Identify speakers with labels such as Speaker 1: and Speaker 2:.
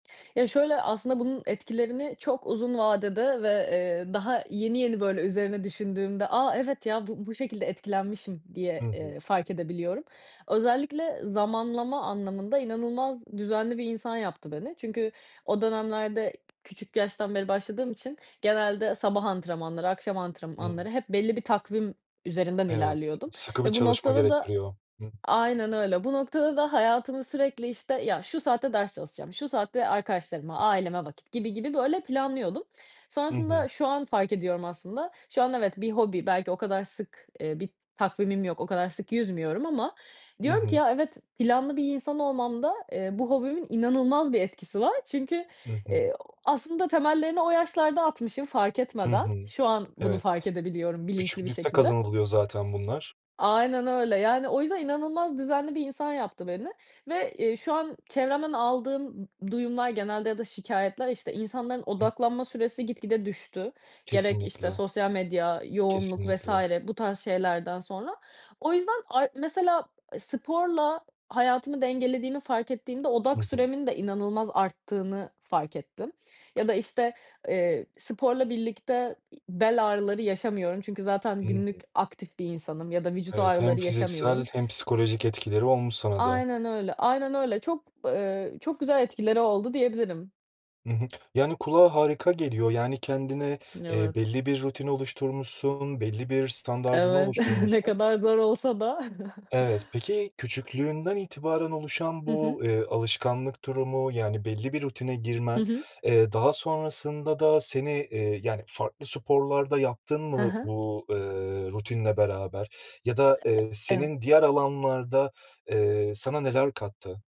Speaker 1: Ya, şöyle aslında bunun etkilerini çok uzun vadede ve, eee, daha yeni yeni böyle üzerine düşündüğümde, aaa, evet, ya, bu bu şekilde etkilenmişim diye,
Speaker 2: Hı hı.
Speaker 1: eee, fark edebiliyorum. Özellikle zamanlama anlamında inanılmaz düzenli bir insan yaptı beni. Çünkü o dönemlerde küçük yaştan beri başladığım için genelde sabah antrenmanları, akşam antrenmanları
Speaker 2: Hıı.
Speaker 1: hep belli bir takvim üzerinden
Speaker 2: Evet,
Speaker 1: ilerliyordum
Speaker 2: sıkı bir
Speaker 1: ve bu
Speaker 2: çalışma
Speaker 1: noktada da
Speaker 2: gerektiriyor. Hı hı.
Speaker 1: aynen öyle bu noktada da hayatımı sürekli, işte, ya, şu saatte ders çalışacağım, şu saatte arkadaşlarıma, aileme vakit gibi gibi böyle planlıyordum.
Speaker 2: Hı hı.
Speaker 1: Sonrasında şu an fark ediyorum. Aslında şu an evet bir hobi belki o kadar sık, eee, bir takvimim yok. O kadar sık yüzmüyorum ama
Speaker 2: Hı
Speaker 1: diyorum ki,
Speaker 2: hı.
Speaker 1: ya, evet planlı bir insan olmamda, eee, bu hobimin inanılmaz bir etkisi var çünkü,
Speaker 2: Hı hı.
Speaker 1: eee, ooo, aslında temellerini o yaşlarda atmışım fark
Speaker 2: Hı
Speaker 1: etmeden.
Speaker 2: hı.
Speaker 1: Şu an bunu
Speaker 2: Evet.
Speaker 1: fark edebiliyorum bilinçli bir
Speaker 2: Küçüklükte
Speaker 1: şekilde.
Speaker 2: kazanılıyor zaten bunlar.
Speaker 1: Aynen öyle, yani, o yüzden inanılmaz düzenli bir insan yaptı beni ve, eee, şu an çevremden aldığım, ımm, duyumlar genelde ya da şikâyetler, işte, insanların
Speaker 2: Hıı.
Speaker 1: odaklanma süresi gitgide düştü, gerek işte
Speaker 2: Kesinlikle.
Speaker 1: sosyal medya, yoğunluk vs.
Speaker 2: Kesinlikle.
Speaker 1: bu tarz şeylerden sonra. O yüzden ay mesela, e, sporla hayatımı dengelediğini fark ettiğimde
Speaker 2: Hı
Speaker 1: odak
Speaker 2: hı.
Speaker 1: süremin de inanılmaz arttığını fark ettim. Ya da, işte, eee, sporla birlikte, iii, bel ağrıları yaşamıyorum çünkü zaten
Speaker 2: Hı
Speaker 1: günlük
Speaker 2: hı.
Speaker 1: aktif bir insanım ya da vücut
Speaker 2: Evet, hem
Speaker 1: ağrıları
Speaker 2: fiziksel
Speaker 1: yaşamıyorum.
Speaker 2: hem psikolojik etkileri olmuş sana da.
Speaker 1: Aynen öyle aynen öyle. Çok, eee, çok güzel etkileri oldu diyebilirim.
Speaker 2: Hı hı, yani kulağa harika geliyor, yani, kendine, eee,
Speaker 1: Evet.
Speaker 2: belli bir rutin oluşturmuşsun, belli bir standardını
Speaker 1: Evet. Ne
Speaker 2: oluşturmuşsun
Speaker 1: kadar zor olsa da.
Speaker 2: Evet, peki küçüklüğünden itibaren oluşan
Speaker 1: Hı hı.
Speaker 2: bu, eee, alışkanlık durumu, yani, belli bir rutine
Speaker 1: Hı
Speaker 2: girmen,
Speaker 1: hı.
Speaker 2: eee, daha sonrasında da seni, eee, yani, farklı sporlar da yaptın
Speaker 1: Hı
Speaker 2: mı
Speaker 1: hı.
Speaker 2: bu, eee, rutinle beraber ya da, eee,
Speaker 1: E e eve.
Speaker 2: senin diğer alanlarda, eee, sana neler kattı?